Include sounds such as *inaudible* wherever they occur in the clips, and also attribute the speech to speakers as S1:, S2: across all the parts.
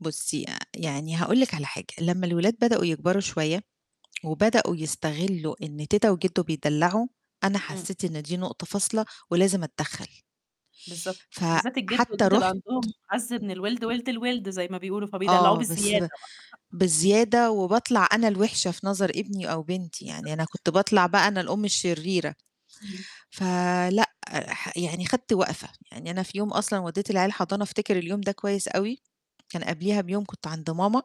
S1: بُصي يعني هاقول لِك على حاجة لمّا الأولاد بدأوا يكبروا شوية وبدأوا يستغلوا إن تيتة وجده بيدلعوا، أنا
S2: إمم.
S1: حسيت إن دي نقطة فاصلة ولازم أتدخل.
S2: بالضبط بالذات الجد
S1: فحتى
S2: والجدة بقى
S1: رُحت امم.
S2: عندهم أعز من الولد ولد الولد زي ما بيقولوا فبيدلعوه
S1: آه بس
S2: بالزيادة
S1: ب
S2: بقى.
S1: بزيادة وباطلع أنا الوحشة في نظر ابني أو بنتي يعني أنا
S2: بالضبط.
S1: كنت باطلع بقى أنا الأم الشريرة.
S2: امم.
S1: ف لا ح يعني خدت وقفة، يعني أنا في يوم أصلًا ودِّيت العيال الحضانة أفتكر اليوم ده كويس أوي، كان قبليها بيوم كنت عند ماما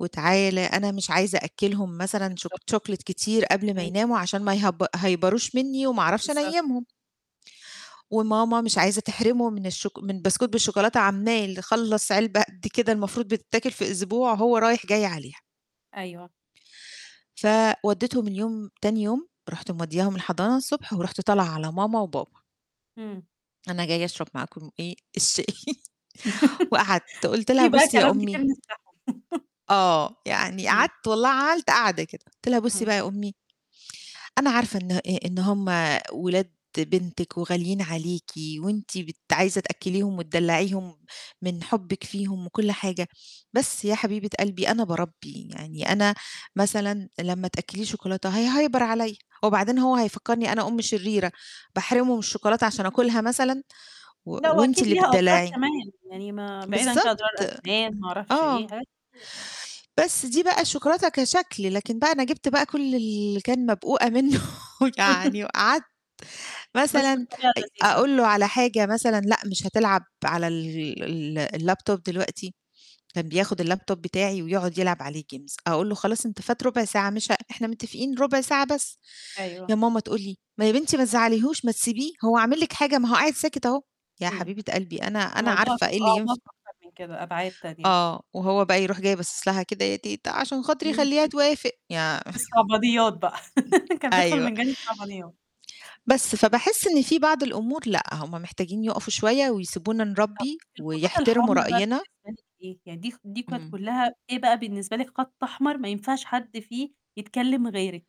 S1: وتعالَ أنا مش عايزة أأكلهم مثلًا شو
S2: بالضبط
S1: chocolate كتير قبل ما
S2: امم.
S1: يناموا عشان ما يهي يهيبروش مني وما أعرفش
S2: بالضبط.
S1: أنيمهم. وماما مش عايزة تحرمهم من الشوك من بسكوت بالشوكولاتة عمّال خلص علبة قد كده المفروض بتتاكل في أسبوع هو رايح جاي عليها.
S2: أيوه.
S1: فوديتهم اليوم تاني يوم رُحت مودياهم الحضانة الصبح ورُحت طالعة على ماما وبابا.
S2: إمم.
S1: أنا جاية أشرب معاكم إيه الشاي *chuckles* وقعدت
S2: *laughs*
S1: قُلت
S2: في
S1: لها
S2: بقى
S1: بُصي يا
S2: كلام كتير
S1: أمي
S2: نفتحه *chuckles*
S1: آه يعني
S2: امم.
S1: قعدت والله عملت قعدة كده قُلت لها بُصي بقى
S2: امم.
S1: يا أمي أنا عارفة إن إ إن هم ولاد بنتكِ وغاليين عليكِ وأنتِ بت عايزة تأكليهم وتدلعيهم من حبكِ فيهم وكل حاجة، بس يا حبيبة قلبي أنا باربِّي يعني أنا مثلًا لما تأكليه شوكولاتة هيهيبر عليّا، وبعدين هو هيفكرني أنا أم شريرة باحرمه من الشوكولاتة عشان أُكلها مثلًا و
S2: لأ
S1: وأنتِ
S2: وأكيد
S1: اللي
S2: ليها أضرار
S1: بتدلعي
S2: كمان يعني ما بعيدا كأضرار
S1: بالضبط
S2: أسنان ما أعرفش إيه
S1: آه.
S2: حاجات كتير.
S1: بس دي بقى الشوكولاتة كشكل لكن بقى أنا جِبت بقى كل اللي كان مبقوقة منه
S2: *laughs*
S1: يعني وقعدت
S2: بس
S1: مثلًا
S2: بطريقة
S1: أ
S2: لذيذة.
S1: أقول له على حاجة مثلًا لأ مش هتلعب على ال ال الlaptop دلوقتي، كان بياخد اللابتوب بتاعي ويقعد يلعب عليه games، أقول له خلاص أنت فات ربع ساعة مش ه إحنا متفقين ربع ساعة بس، يا
S2: أيوه.
S1: ماما تقول لي: "ما يا بنتي ما تزعليهوش ما تسيبيه هو عامل لِك حاجة ما هو قاعد ساكت أهو" يا
S2: إمم.
S1: حبيبة قلبي أنا أنا
S2: الموضوع
S1: عارفة
S2: له
S1: إيه اللي
S2: أعماق
S1: ينفع.
S2: أكتر من كده أبعاد تانية.
S1: آه وهو بقى يروح جاي باصص لها كده يا تيتة عشان
S2: امم
S1: خاطري خليها توافق
S2: *chuckles*
S1: يا
S2: في الصعبانيات بقى
S1: *chuckles*
S2: *laughs* كان بيدخل
S1: أيوه.
S2: من جانب الصعبانيات.
S1: بس فباحس إن في بعض الأمور لا هُم محتاجين يقفوا شوية ويسيبونا
S2: طَب
S1: نربِّي
S2: الخطوط
S1: ويحترموا
S2: الحمرا بقى
S1: رأينا.
S2: بالنسبة لِك إيه يعني دي خ دي كانت
S1: امم.
S2: كُلها إيه بقى بالنسبة لِك خط أحمر ما ينفعش حد فيه يتكلم غيرِك.